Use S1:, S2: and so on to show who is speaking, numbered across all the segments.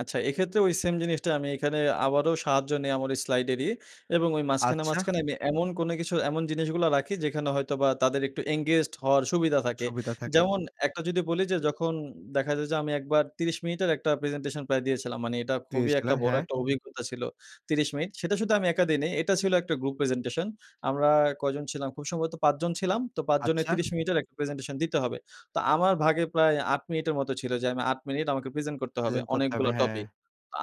S1: আচ্ছা এক্ষেত্রে ওই সেইম জিনিসটা আমি এখানে আবারও সাহায্য নেই আমার স্লাইডেরই এবং ওই মাঝখানে,
S2: আচ্ছা।
S1: মাঝখানে আমি এমন কোন কিছু এমন জিনিসগুলা রাখি যেখানে হয়তোবা তাদের একটু engaged হওয়ার সুবিধা থাকে।
S2: সুবিধা থাকে।
S1: যেমন একটা যদি বলি যে যখন দেখা যায় যে আমি একবার ৩০ মিনিটের একটা প্রেজেন্টেশন প্রায় দিয়েছিলাম। মানে এটা খুবই একটা
S2: দিয়েছিলেন
S1: বড়
S2: হ্যাঁ।
S1: একটা অভিজ্ঞতা ছিল। ৩০ মিনিট। সেটা শুধু আমি একা দেইনি। এটা ছিল একটা গ্রুপ প্রেজেন্টেশন। আমরা কয়জন ছিলাম, খুব সম্ভবত ৫ জন ছিলাম তো ৫ জনের
S2: আচ্ছা।
S1: ৩০ মিনিট-এর একটা প্রেজেন্টেশন দিতে হবে। তো আমার ভাগে প্রায় ৮ মিনিটের মতো ছিল যে আমি ৮ মিনিট আমাকে প্রেজেন্ট করতে হবে।
S2: প্রেজেন্ট করতে হবে,
S1: অনেকগুলা
S2: হ্যাঁ।
S1: টপিক।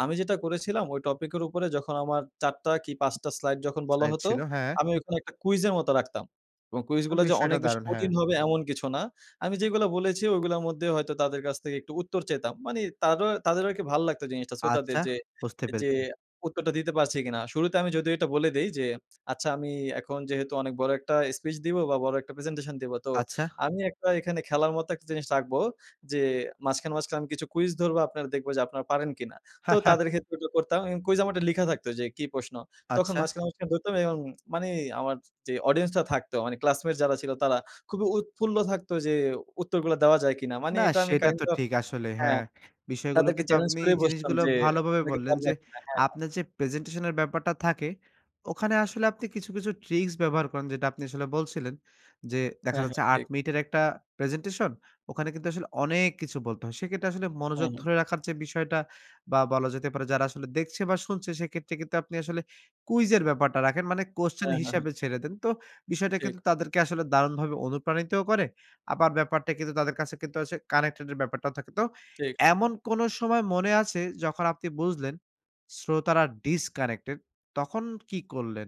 S1: আমি যেটা করেছিলাম ওই টপিকের উপরে যখন আমার ৪ টা কি 5 টা স্লাইড যখন বলা
S2: তাই
S1: হতো,
S2: ছিল হ্যাঁ।
S1: আমি ওখানে একটা কুইজের মতো রাখতাম। এবং
S2: আম
S1: কুইজগুলা যে
S2: বিস্ময়টা
S1: অনেক বেশি
S2: দারুণ হ্যাঁ।
S1: কঠিন হবে এমন কিছু না। আমি যেগুলো বলেছি ওগুলার মধ্যে হয়তো তাদের কাছ থেকে একটু উত্তর চেতাম। মানে তারো তাদের কি ভাল লাগতো জিনিসটা শ্রোতাদের
S2: আচ্ছা
S1: যে,
S2: বুঝতে
S1: যে
S2: পেরেছি।
S1: উত্তরটা দিতে পারছি কিনা। শুরুতে আমি যদিও এটা বলে দেই যে আচ্ছা আমি এখন যেহেতু অনেক বড় একটা স্পিচ দিব বা বড় একটা প্রেজেন্টেশন দিবো। তো
S2: আচ্ছা।
S1: আমি একটা এখানে খেলার মতো একটা জিনিস রাখবো যে মাঝখানে, মাঝখানে আমি কিছু কুইজ ধরবো আপনারা দেখবো যে আপনারা পারেন কিনা? তো
S2: হ্যাঁ, হ্যাঁ।
S1: তাদের ক্ষেত্রে এটা করতাম। এবং কুইজ আমারটা লিখা থাকত যে কি প্রশ্ন। তখন
S2: আচ্ছা।
S1: মাঝখানে, মাঝখানে ধরতাম এবং মানে আমার যে অডিয়েন্স টা থাকতো মানে ক্লাসমেট যারা ছিল তারা খুবই উৎফুল্ল থাকতো যে উত্তরগুলা দেওয়া যায় কিনা! মানে
S2: না
S1: এটা আমি
S2: সেটা
S1: কাইন্ড
S2: তো
S1: অফ
S2: ঠিক আসলে
S1: হ্যাঁ
S2: হ্যাঁ বিষয়গুলো
S1: তাদেরকে
S2: কিন্তু
S1: চেলেঞ্জ
S2: আপনি
S1: করেই বসতাম
S2: জিনিসগুলো
S1: যে
S2: ভালোভাবে
S1: তুমি কি
S2: বললেন
S1: পারবা
S2: যে
S1: কিনা? হ্যাঁ, হ্যাঁ।
S2: আপনার যে প্রেজেন্টেশন এর ব্যাপারটা থাকে ওখানে আসলে আপনি কিছু, কিছু ট্রিকস ব্যবহার করেন যেটা আপনি আসলে বলছিলেন। যে দেখা
S1: হ্যাঁ,
S2: যাচ্ছে
S1: হ্যাঁ
S2: ৮
S1: ঠিক।
S2: মিনিটের একটা প্রেজেন্টেশন ওখানে কিন্তু আসলে অনেক কিছু বলতে হয়। সেক্ষেত্রে আসলে মনোযোগ
S1: হ্যাঁ, হ্যাঁ।
S2: ধরে রাখার বিষয়টা বা বলা যেতে পারে যারা আসলে দেখছে বা শুনছে সেক্ষেত্রে কিন্তু আপনি আসলে কুইজ এর ব্যাপারটা রাখেন মানে Question
S1: হ্যাঁ, হ্যাঁ, হ্যাঁ।
S2: হিসাবে ছেড়ে দেন। তো বিষয়টা
S1: ঠিক।
S2: কিন্তু তাদেরকে আসলে দারুণভাবে অনুপ্রাণিতও করে। আবার ব্যাপারটা কিন্তু তাদের কাছে কিন্তু আসে কানেক্টেড এর ব্যাপারটাও থাকে। তো
S1: ঠিক, ঠিক।
S2: এমন কোন সময় মনে আছে যখন আপনি বুঝলেন শ্রোতারা Disconnected তখন কি করলেন?